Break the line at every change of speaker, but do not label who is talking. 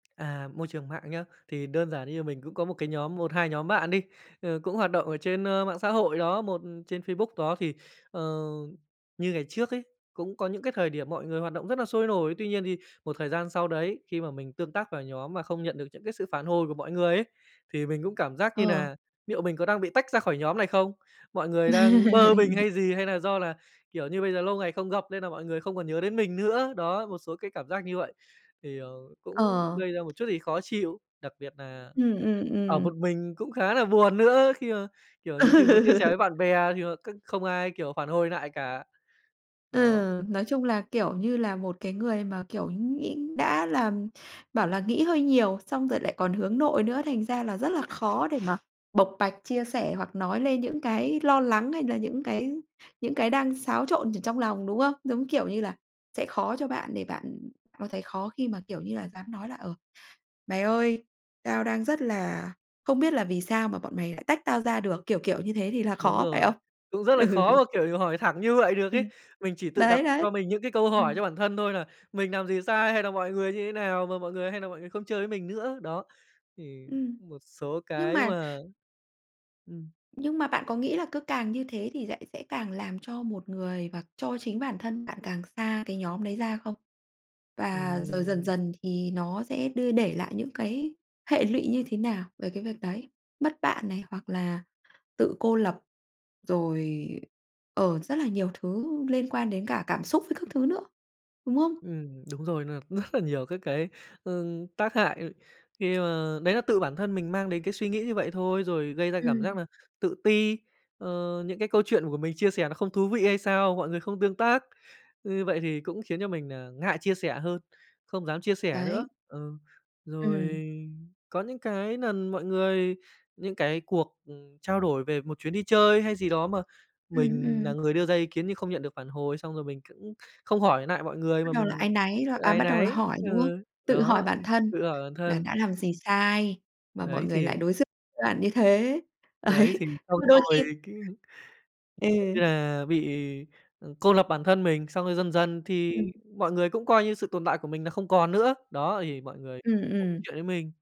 À, môi trường mạng nhớ, thì đơn giản như mình cũng có một cái nhóm một, 2 nhóm bạn đi, ờ, cũng hoạt động ở trên, ơ, mạng xã hội đó, một trên Facebook đó, thì, ờ, như ngày trước ấy, cũng có những cái thời điểm mọi người hoạt động rất là sôi nổi. Tuy nhiên thì một thời gian sau đấy, khi mà mình tương tác vào nhóm mà không nhận được những cái sự phản hồi của mọi người ấy, thì mình cũng cảm giác như
Ờ.
nà "Liệu mình có đang bị tách ra khỏi nhóm này không? Mọi người đang bơ mình hay gì? Hay nà do là, kiểu như, bây giờ lâu ngày không gặp nên nà mọi người không còn nhớ đến mình nữa?" Đó, một số cái cảm giác như vậy. Thì, ờ, cũng
Ờ.
gây ra một chút gì khó chịu, đặc biệt nà
Ừm, ừm,
ở
ừm.
một mình cũng khá là buồn nữa, khi mà, kiểu, nhiều khi muốn chia sẻ
Ừ.
với bạn bè thì, ờ, c không ai, kiểu, phản hồi nại cả. Đó.
Ừ, nói chung là, kiểu như là, một cái người mà, kiểu, nghĩ đã là bảo là nghĩ hơi nhiều, xong rồi lại còn hướng nội nữa, thành ra là rất là khó để mà bộc bạch, chia sẻ hoặc nói lên những cái lo lắng hay là những cái những cái đang xáo trộn ở trong lòng, đúng không? Giống kiểu như là sẽ khó cho bạn để bạn có thấy khó khi mà, kiểu như là, dám nói là "Ờ, mày ơi, tao đang rất là không biết là vì sao mà bọn mày lại tách tao ra được." Kiểu kiểu như thế thì là
Đúng
khó, phải
rồi,
không?
cũng rất là
Ừ.
khó mà, kiểu, hỏi thẳng như vậy được
Ừm.
ấy. Mình chỉ tự đặt
Đấy,
cho
đấy.
mình những cái câu hỏi
Ừm.
cho bản thân thôi là "Mình làm gì sai hay là mọi người như thế nào mà mọi người hay nà mọi người không chơi với mình nữa?" Đó, thì
Ừm.
một số
Nhưng
cái
mà
mà ừm.
Nhưng mà bạn có nghĩ là cứ càng như thế thì lại sẽ càng làm cho một người và cho chính bản thân bạn càng xa cái nhóm đấy ra không? Và rồi dần
Ừm.
dần thì nó sẽ đưa để lại những cái hệ lụy như thế nào về cái việc đấy? Mất bạn này, hoặc là tự cô lập, rồi, ờ, rất là nhiều thứ liên quan đến cả cảm xúc với các thứ nữa, đúng không?
Ừm, đúng rồi. Nên nà cũng rất là nhiều các cái, ừm, tác hại khi mà đấy là tự bản thân mình mang đến cái suy nghĩ như vậy thôi, rồi gây ra cảm
Ừm.
giác nà tự ti, ờ, những cái câu chuyện của mình chia sẻ nó không thú vị hay sao mọi người không tương tác. Như vậy thì cũng khiến cho mình nà ngại chia sẻ hơn, không dám chia sẻ nữa.
Đấy.
Ừ,
Ừm.
rồi có những cái lần mọi người những cái cuộc, ừm, trao đổi về một chuyến đi chơi hay gì đó mà
Ừm,
mình
ừm.
nà người đưa ra ý kiến nhưng không nhận được phản hồi, xong rồi mình cũng không hỏi nại mọi người
Bắt
mà
đầu là
mình
áy náy rồi à,
áy
bắt đầu
náy.
là hỏi,
Ừ,
đúng không? Tự hỏi
đó,
bản
ừm,
thân
tự hỏi bản
là
thân.
đã làm gì sai mà mọi
Đấy,
người lại
thì
đối xử với bạn như thế. Đấy,
Đấy, thì
nhưng
xong
mà đôi
rồi
khi
cái, kiểu
Ừ.
như là, bị, ừ, cô lập bản thân mình, xong rồi dần dần thì
Ừm.
mọi người cũng coi như sự tồn tại của mình là không còn nữa. Đó, thì mọi người
Ừm,
không
ừm.
chuyện với mình.